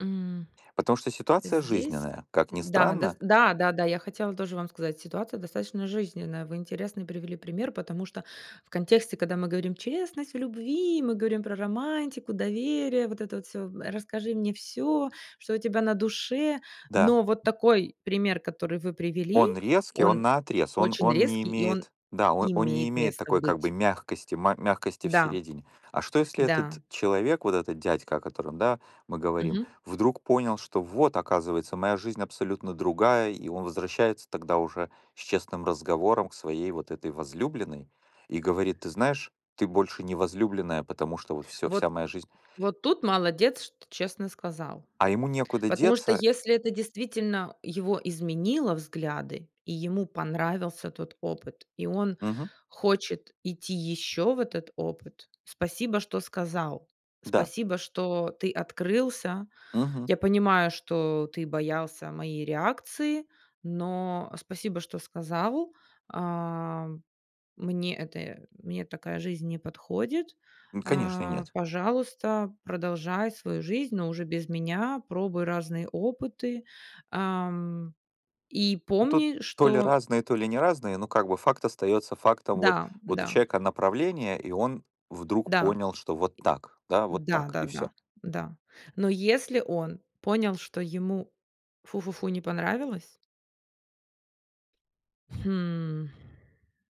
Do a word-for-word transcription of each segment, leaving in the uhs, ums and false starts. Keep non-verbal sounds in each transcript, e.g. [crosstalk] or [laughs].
М, Потому что ситуация здесь. жизненная, как ни Да, да, с странно. да-да-да. Я хотела тоже вам сказать: ситуация достаточно жизненная. Вы интересный привели пример, потому что в контексте, когда мы говорим "честность в любви", мы говорим про романтику, доверие, вот это вот всё, м, э: "Расскажи мне всё, что у тебя на душе". Да. Но вот такой пример, который вы привели, Он резкий, он он наотрез, он очень он не резкий, и он имеет Да, о он не имеет имеет место такой как бы быть. мягкости, ма мягкости в Да, середине. А что, если да. этот человек, вот этот дядька, о котором, да, мы говорим, Мгм. вдруг понял, что вот, оказывается, моя жизнь абсолютно другая, и он возвращается тогда уже с честным разговором к своей вот этой возлюбленной и говорит: "Ты знаешь, ты больше не возлюбленная, потому что вот всё, вся Вот моя жизнь" вот тут молодец, что честно сказал. А ему некуда Потому что деться. если это действительно его изменило взгляды, и ему понравился тот опыт, и он Мгм. хочет идти ещё в этот опыт. Спасибо, что сказал. Да. Спасибо, что ты открылся. Мгм. Я понимаю, что ты боялся моей реакции, но, э, спасибо, что сказал. Ам, мне это мне такая жизнь не подходит. М, конечно, Э, нет. пожалуйста, продолжай свою жизнь, но уже без меня, пробуй разные опыты. Ам, и Ну, тут помни, то ли что разные, то ли не разные, но, как бы, факт остаётся фактом. Вот Да, вот у да. человека направление, и он вдруг Да. понял, что вот так, да, вот так и всё. Да-да-да. Да. Но если он понял, что ему, фу-фу-фу, не понравилось Хм,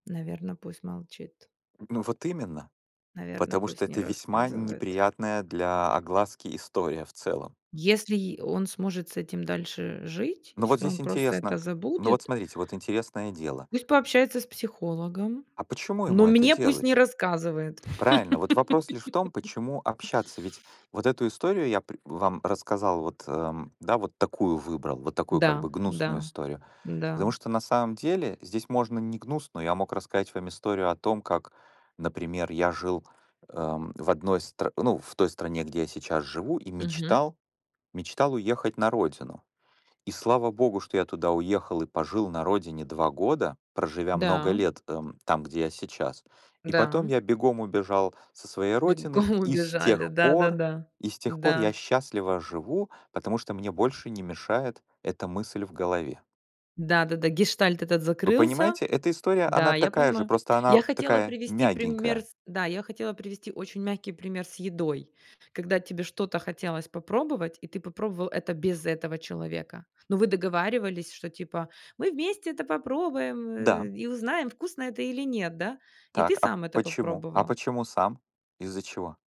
наверно, пусть молчит. Ну, вот именно, Наверно, потому что пусть не это весьма рассказывает. неприятная для огласки история в целом. Если й он сможет с этим дальше жить, Ну, вот если он здесь просто это интересно. Ну, вот, забудет смотрите, вот интересное дело. пусть пообщается с психологом, А почему но ему это мне пусть не делать? рассказывает. Правильно, вот вопрос лишь в том, почему [laughs] общаться? Ведь вот эту историю я пр вам рассказал, вот, эм, да, вот такую выбрал, вот такую как Да, бы гнусную да, историю. Потому да. что на самом деле здесь можно не гнусную, я мог рассказать вам историю о том, как, например, я жил, эм, в одной стр ну, в той стране, где я сейчас живу, и Мгм. мечтал мечтал уехать на родину. И слава богу, что я туда уехал и пожил на родине два года, проживя много Да. лет, эм, там, где я сейчас. И Да, потом м. я бегом убежал со своей родины, Бегом и с убежали. тех пор Да-да-да. и с тех пор я Да. счастливо живу, потому что мне больше не мешает эта мысль в голове. Да-да-да. Гештальт этот Вы закрылся. понимаете, эта история, Да, она я такая же, понимаю. просто она Я в хотела такая привести пример мягенькая. с да, я хотела привести очень мягкий пример с едой. Когда тебе что-то хотелось попробовать, и ты попробовал это без этого человека. Но вы договаривались, что, типа, мы вместе это попробуем, Да. э, и узнаем, вкусно это или нет, да, и ты Так, а сам это почему? А попробовал. почему сам? Из-за чего?